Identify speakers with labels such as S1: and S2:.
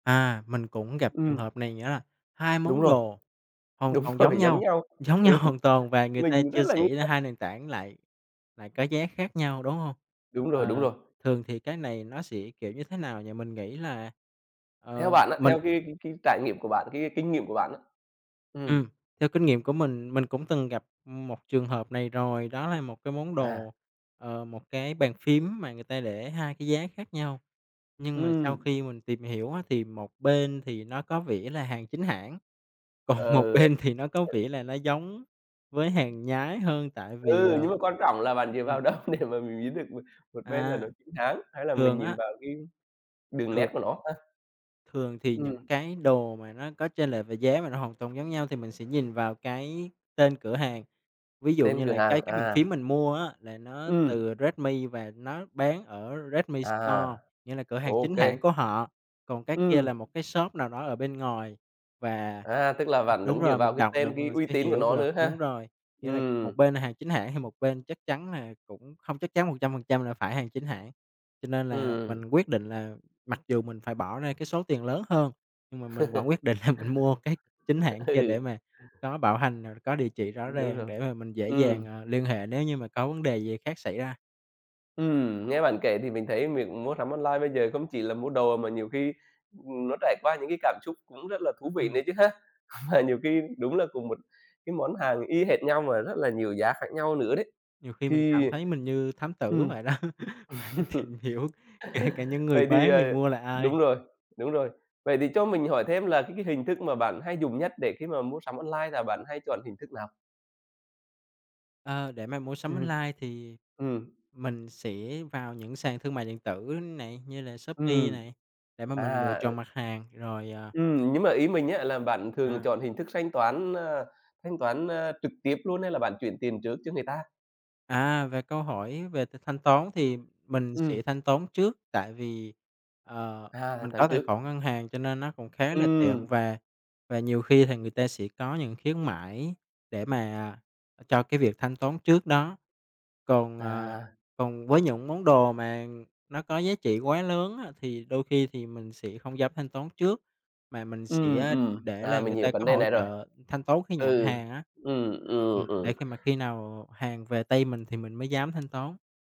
S1: À, mình cũng gặp trường
S2: Ừm.
S1: hợp này nữa là 2
S2: Đúng
S1: món
S2: rồi,
S1: đồ hoàn
S2: đúng
S1: toàn giống
S2: rồi, giống
S1: nhau
S2: nhau
S1: giống nhau
S2: đúng,
S1: hoàn toàn và người ta
S2: mình
S1: chia
S2: rất là nghi
S1: sẻ ra
S2: ngờ.
S1: 2 nền tảng lại lại có giá khác nhau, đúng hông?
S2: Đúng rồi, đúng
S1: Ờ,
S2: rồi.
S1: thường thì cái này nó sẽ, kiểu như, thế nào nhỉ? Mình nghĩ là,
S2: Theo
S1: ờ,
S2: bạn á,
S1: mình
S2: theo cái cái cái trải nghiệm của bạn cái cái kinh nghiệm của bạn á. Ừm.
S1: Ừm, theo kinh nghiệm của mình, mình cũng từng gặp, ừm, một trường hợp này rồi. Đó là 1 cái món
S2: À.
S1: đồ, ờ, một cái bàn phím mà người ta để 2 cái giá khác nhau, nhưng mà sau
S2: Ừm.
S1: khi mình tìm hiểu á thì một bên thì nó có vẻ là hàng chính hãng, còn một
S2: Ờ.
S1: bên thì nó có
S2: Hờ.
S1: vẻ là nó giống với hàng nhái hơn tại vì,
S2: Ừ,
S1: ờ.
S2: nhưng mà quan trọng là bạn dựa
S1: Ừm.
S2: vào đâu để mà mình biết được một một bên là
S1: À.
S2: nó chính hãng hay là mình
S1: Thường
S2: nhìn
S1: á
S2: vào cái đường nét
S1: thường
S2: của nó ha?
S1: thường thì
S2: Ừm.
S1: những cái đồ mà nó có chênh lệch về giá mà nó hoàn toàn giống nhau thì mình sẽ nhìn vào cái tên cửa hàng. Ví dụ
S2: Tên
S1: như
S2: cửa
S1: là cái
S2: hàng,
S1: cái bàn
S2: à.
S1: phím mình mua á là nó
S2: Ừm.
S1: từ Redmi và nó bán ở Redmi Store,
S2: À,
S1: nghĩa là cửa hàng
S2: OK.
S1: chính hãng của họ, còn cái kia là
S2: Ừm.
S1: một cái shop nào đó ở bên ngoài và
S2: À, tức là bạn
S1: đúng
S2: vẫn dựa
S1: rồi,
S2: vào
S1: mình
S2: cái
S1: đọc được
S2: tên,
S1: và
S2: cái
S1: mình
S2: uy
S1: sẽ
S2: tín của
S1: hiểu
S2: nó
S1: được,
S2: nữa
S1: đúng
S2: ha.
S1: rồi. Nghĩa là
S2: Ừm.
S1: một bên là hàng chính hãng thì một bên chắc chắn là cũng không chắc chắn 100% là phải hàng chính hãng. Cho nên là mình
S2: Ừm.
S1: quyết định là mặc dù mình phải bỏ ra cái số tiền lớn hơn, nhưng mà mình vẫn quyết định là mình mua cái chính
S2: À.
S1: hãng kia
S2: Ừ.
S1: để mà có bảo hành rồi có địa chỉ rõ
S2: Đúng
S1: ràng
S2: rồi,
S1: để mà mình dễ dàng,
S2: ừm.
S1: à, liên hệ nếu như mà có vấn đề gì khác xảy ra.
S2: Ừm, nghe bạn kể thì mình thấy việc mua sắm online bây giờ không chỉ là mua đồ, mà nhiều khi, ừm, nó trải qua những cái cảm xúc cũng rất là thú vị nữa
S1: Ừm.
S2: chứ ha? Và nhiều khi đúng là cùng một cái món hàng y hệt nhau mà rất là nhiều giá khác nhau nữa đấy,
S1: Nhiều khi mình cảm
S2: thì,
S1: thấy mình như thám tử
S2: ừm.
S1: vậy đó, phải tìm hiểu kể cả những người
S2: Vậy thì,
S1: bán,
S2: ờ,
S1: người mua là ai.
S2: đúng rồi, đúng rồi. Vậy thì cho mình hỏi thêm là cái cái hình thức mà bạn hay dùng nhất để khi mà mua sắm online là bạn hay chọn hình thức nào?
S1: Ờ, để mà mua sắm
S2: Ừm.
S1: online thì
S2: Ừm.
S1: mình sẽ vào những sàn thương mại điện tử này, như là Shopee
S2: Ừm,
S1: này để mà mình lựa
S2: à, ừ.
S1: chọn mặt hàng rồi, ờ
S2: Ừm, nhưng mà ý mình á, là bạn thường là
S1: À.
S2: chọn hình thức thanh toán, a, thanh toán, a, trực tiếp luôn hay là bạn chuyển tiền trước cho người ta?
S1: À, về câu hỏi về th thanh toán thì mình sẽ
S2: Ừm.
S1: thanh toán trước, tại vì, ờ,
S2: À, thanh
S1: mình
S2: toán
S1: có tài
S2: trước.
S1: khoản ngân hàng cho nên nó cũng khá là
S2: Ừm.
S1: tiện, và và nhiều khi thì người ta sẽ có những khuyến mãi để mà, à, cho cái việc thanh toán trước đó. Còn, à
S2: À.
S1: còn với những món đồ mà nó có giá trị quá lớn á thì đôi khi thì mình sẽ không dám thanh toán trước, mà mình
S2: Ừm,
S1: sẽ
S2: ừm,
S1: để
S2: à,
S1: là
S2: mình
S1: người
S2: hiểu
S1: ta
S2: vấn
S1: có
S2: đề
S1: hỗ
S2: này rồi.
S1: trợ thanh toán khi nhận
S2: Ừ,
S1: hàng á.
S2: ừm,
S1: Ừm,
S2: ừm, ừm.
S1: để khi mà khi nào hàng về tay mình thì mình mới dám thanh toán.